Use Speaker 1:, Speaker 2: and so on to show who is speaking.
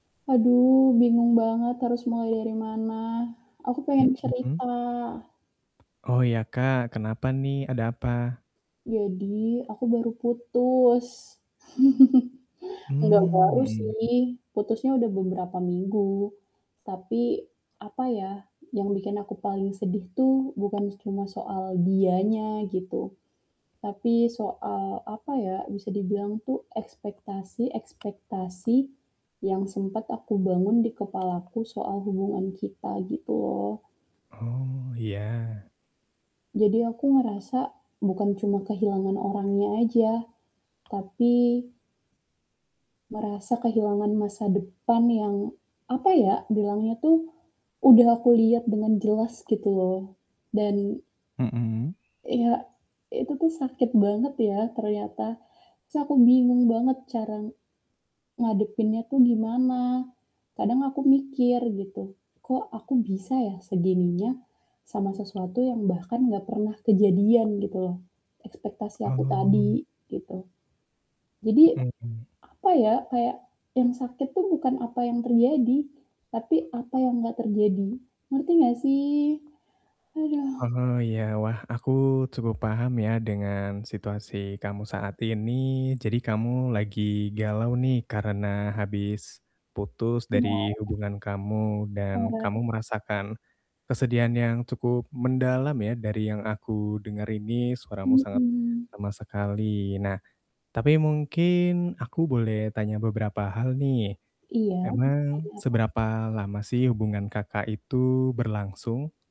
Speaker 1: Aduh bingung banget harus mulai dari mana, aku pengen
Speaker 2: Mhm.
Speaker 1: cerita.
Speaker 2: Oh ya, Kak, kenapa nih? Ada apa?
Speaker 1: Jadi aku baru putus. Nggak
Speaker 2: Mmm,
Speaker 1: baru
Speaker 2: mhm.
Speaker 1: sih, putusnya udah beberapa minggu. Tapi apa ya, yang bikin aku paling sedih tuh bukan cuma soal dianya gitu, tapi soal apa ya, bisa dibilang tuh ekspektasi-ekspektasi yang sempat aku bangun di kepalaku soal hubungan kita gitu loh.
Speaker 2: Oh ya.
Speaker 1: Jadi aku ngerasa bukan cuma kehilangan orangnya aja, tapi merasa kehilangan masa depan yang apa ya, bilangnya tuh udah aku liat dengan jelas gitu loh, dan
Speaker 2: Mmm.
Speaker 1: ya, itu tuh sakit banget ya ternyata. Terus aku bingung banget cara, ngadepinnya tuh gimana. Kadang aku mikir gitu, "Kok aku bisa ya segininya sama sesuatu yang bahkan gak pernah kejadian?" gitu loh. Ekspektasi aku
Speaker 2: Oh.
Speaker 1: tadi gitu. Jadi
Speaker 2: Mmm mmm.
Speaker 1: apa ya, kayak, yang sakit tuh bukan apa yang terjadi, tapi apa yang nggak terjadi, ngerti nggak sih? Haduh.
Speaker 2: Oh iya, wah aku cukup paham ya dengan situasi kamu saat ini, jadi kamu lagi galau nih karena habis putus dari
Speaker 1: Iya.
Speaker 2: hubungan kamu dan kamu
Speaker 1: [unintelligible]
Speaker 2: merasakan kesedihan yang cukup mendalam ya dari yang aku denger ini suaramu sangat
Speaker 1: Mmm.
Speaker 2: lemas sekali. Nah, tapi mungkin aku boleh tanya beberapa hal nih,
Speaker 1: Iya, mau
Speaker 2: emang
Speaker 1: tanya apa?
Speaker 2: seberapa lama sih hubungan Kakak itu berlangsung?